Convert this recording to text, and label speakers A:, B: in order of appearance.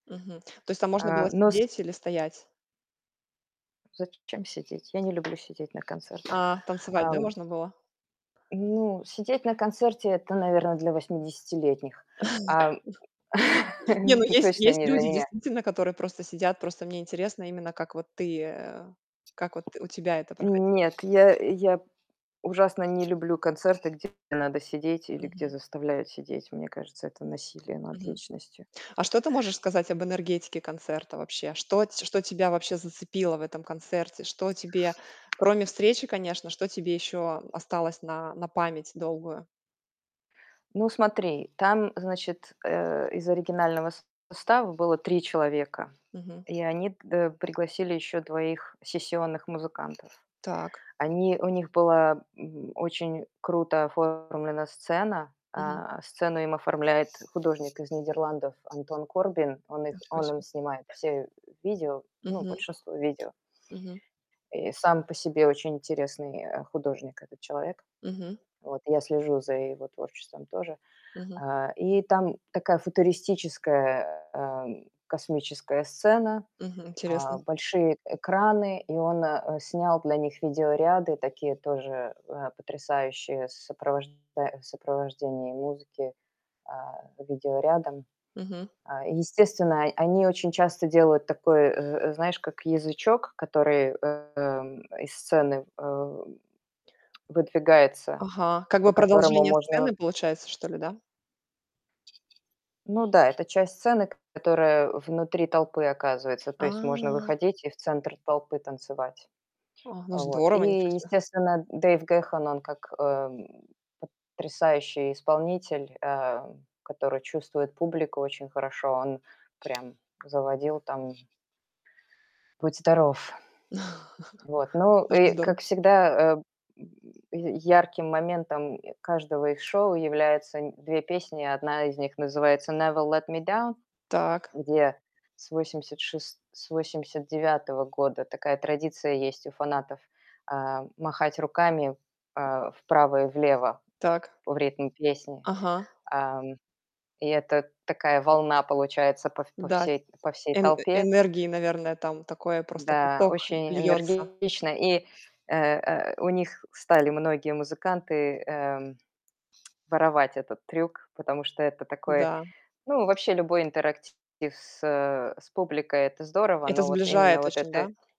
A: Мгм. То есть там можно было
B: А, но с
A: сидеть или стоять.
B: Зачем сидеть? Я не люблю сидеть на концертах,
A: А, танцевать, да,
B: ам.
A: можно было?
B: Ну, сидеть на концерте- это, наверно, для восьмидесятилетних, ам.
A: Не, ну есть
B: Точно
A: есть
B: не для
A: люди,
B: меня.
A: действительно, которые просто сидят. Просто мне интересно именно как вот ты, э, как вот у тебя это проходило.
B: Нет, я я ужасно не люблю концерты, где надо сидеть или где
A: Мгм.
B: заставляют сидеть. Мне кажется, это насилие над
A: Мгм.
B: личностью.
A: А что ты можешь сказать об энергетике концерта вообще? Что ть что тебя вообще зацепило в этом концерте? Что тебе кроме встречи, конечно, что тебе ещё осталось на на память долгую?
B: Ну смотри, там, значит, э, из оригинального состава было 3 человека,
A: Мгм.
B: и они к д э, пригласили ещё двоих сессионных музыкантов.
A: Так.
B: Они у них была, м, очень круто оформлена сцена.
A: Мгм.
B: А, сцену им оформляет художник из Нидерландов Антон Корбин. Он их
A: Ничего
B: он им
A: себе.
B: снимает все видео, ну,
A: Мгм.
B: большинство видео.
A: Мгм.
B: И сам по себе очень интересный, э, художник этот человек.
A: Мгм.
B: Вот я слежу за его творчеством тоже.
A: Мгм.
B: Э, и там такая футуристическая, эм, космическая сцена,
A: Мгм,
B: а,
A: интересно.
B: большие экраны. И он, э, снял для них видеоряды такие тоже, э, потрясающие с сопровожда в сопровождении музыки, а, видеорядом.
A: Мгм.
B: А, и естественно, о они очень часто делают такой, э э, знаешь, как язычок, который, эм, из сцены, э, выдвигается,
A: Ага, как
B: по
A: бы
B: которому
A: продолжение
B: можно
A: сцены получается, что ли, да?
B: Ну да, это часть сцены, к которая внутри толпы оказывается. То есть можно
A: А!
B: выходить и в центр толпы танцевать.
A: О, ну
B: Э вот.
A: здорово. Ничего
B: И
A: себе.
B: естественно, Дэйв Гэхан- он как, эм, потрясающий исполнитель, э, который чувствует публику очень хорошо, он прям заводил там будь здоров. Вот. Ну
A: Очень
B: и
A: здорово.
B: как всегда, э, м, я ярким моментом каждого их шоу является нь 2 песни. Одна из них называется "Never Let Me Down",
A: Так.
B: где с восемьдесят шес с 89 года такая традиция есть у фанатов: а, махать руками, э, вправо и влево
A: Так.
B: в ритм песни.
A: Ага.
B: Ам, и это такая волна получается по в по
A: Да.
B: всей по всей
A: Эн
B: толпе.
A: энергии, наверное, там такое, просто
B: Да,
A: поток
B: очень
A: льётся.
B: энергично. И, э э, у них стали многие музыканты, эм, воровать этот трюк, потому что это такой,
A: Да.
B: ну, вообще любой интерактив с, э, с публикой- это здорово.
A: Это
B: Но вот именно
A: сближает
B: вот это
A: очень, да?
B: э